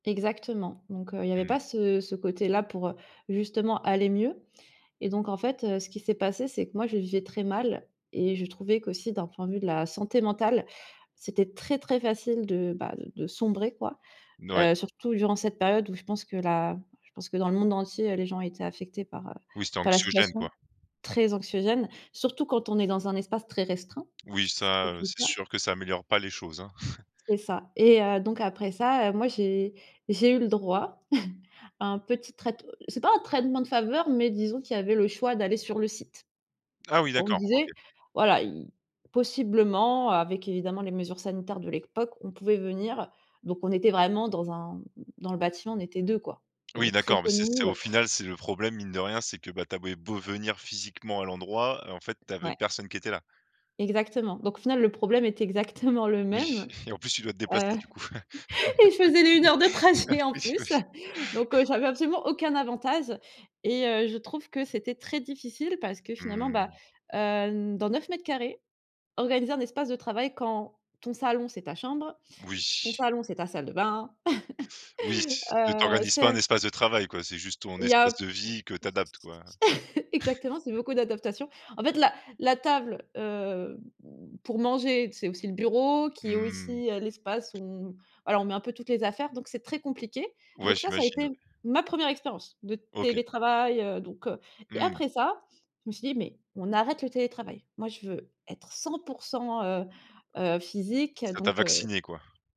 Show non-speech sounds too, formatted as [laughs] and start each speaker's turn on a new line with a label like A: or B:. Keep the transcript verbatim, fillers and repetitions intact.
A: Exactement donc heu, il y avait
B: Mmh.
A: pas ce ce côté-là pour, heu, justement aller mieux et donc en fait, heu, ce qui s'est passé, c'est que, moi, je le vivais très mal et je trouvais qu'aussi d'un point de vue de la santé mentale c'était très, très facile de, bah, de sombrer, quoi,
B: N ouais.
A: heu, surtout durant cette période où je pense que la je pense que dans le monde entier, les gens étaient affectés par, heu,
B: Oui, c'était
A: par la
B: anxiogène,
A: situation
B: quoi.
A: très anxiogène, surtout quand on est dans un espace très restreint.
B: Oui,
A: Ce qui
B: ça,
A: était
B: heu,
A: le
B: c'est
A: cas.
B: sûr que ça améliore pas les choses, hein. [chuckles]
A: C'est ça et heu, donc après ça, heu, moi, j'ai j'ai eu le droit [chuckles] à un petit traite c'est pas un traitement de faveur mais disons qu'il y avait le choix d'aller sur le site.
B: Ah oui,
A: Donc on
B: d'accord, OK.
A: disait, voilà, i possiblement avec évidemment les mesures sanitaires de l'époque, on pouvait venir donc on était vraiment dans un dans le bâtiment, on était deux, quoi. Il y
B: Oui,
A: avait très
B: d'accord mais
A: peu de
B: c'est c'est au
A: monde.
B: final, c'est le problème mine de rien, c'est que, bah, tu avais beau venir physiquement à l'endroit, en fait, tu avais
A: Ouais.
B: personne qui était là.
A: Exactement donc au final, le problème était exactement le
B: Oui
A: même,
B: et en plus, tu dois te
A: heu,
B: déplacer, du coup.
A: et je faisais les heures de trajet
B: [laughs]
A: en
B: Oui, oui.
A: plus, donc heu, j'avais absolument aucun avantage et heu, je trouve que c'était très difficile parce que finalement, bah,
B: Mmh.
A: heu, dans neuf mètres carrés, organiser un espace de travail quand ton salon, c'est ta chambre, ton
B: Oui.
A: salon, c'est ta salle de bain,
B: Oui,
A: [laughs]
B: t
A: heu,
B: t'organises
A: c'est
B: pas
A: un
B: un espace de travail, quoi, c'est juste ton
A: Il y
B: espace
A: a
B: de vie que tu adaptes, quoi.
A: [chuckles]
B: [chuckles]
A: exactement, c'est beaucoup d'adaptation, en fait, la la table, heu, mmh, pour manger c'est aussi le bureau qui est
B: Mmh.
A: aussi, heu, l'espace où on alors on met un peu toutes les affaires donc c'est très compliqué,
B: Ouais,
A: donc ça ça a
B: j'imagine,
A: été
B: ouais.
A: ma première expérience de
B: OK.
A: télétravail, heu, donc heu, et
B: Mmh.
A: après ça, je me suis dit: «Mais on arrête le télétravail, moi, je veux être cent pour cent, heu heu, physique»
B: Ça t'a
A: donc heu
B: vacciné, quoi.